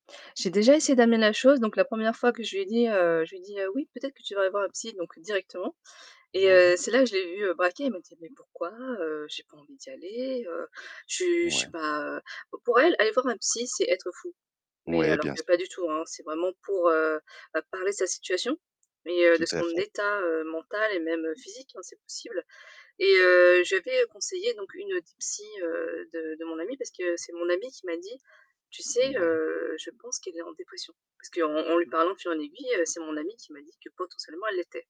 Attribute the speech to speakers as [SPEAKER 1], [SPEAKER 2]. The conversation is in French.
[SPEAKER 1] J'ai déjà essayé d'amener la chose, donc la 1re fois que je lui ai dit, heu, je lui dit: «Oui, peut-être que tu devrais voir un psy». Donc directement et
[SPEAKER 2] Ouais.
[SPEAKER 1] heu, c'est là je l'ai vu braquer, il m'a dit: «Mais pourquoi? Heu, j'ai pas envie d'y aller, heu, je je
[SPEAKER 2] Ouais.
[SPEAKER 1] suis pas, heu» p pour elle, aller voir un psy c'est être fou. Mais
[SPEAKER 2] Ouais,
[SPEAKER 1] alors
[SPEAKER 2] bien
[SPEAKER 1] que
[SPEAKER 2] sûr.
[SPEAKER 1] pas du tout, hein, c'est vraiment pour, heu, bah, parler de sa situation, mais heu,
[SPEAKER 2] Tout
[SPEAKER 1] de
[SPEAKER 2] à
[SPEAKER 1] son
[SPEAKER 2] fait.
[SPEAKER 1] état, heu, mental et même physique, hein, c'est possible et heu, je lui avais conseillé donc une des psys, heu, de de mon amie, parce que c'est mon amie qui m'a dit: «Tu sais,
[SPEAKER 2] Ouais.
[SPEAKER 1] heu, je pense qu'elle est en dépression». Parce qu'en en lui parlant de fil et en aiguille, c'est mon amie qui m'a dit que potentiellement, elle l'était.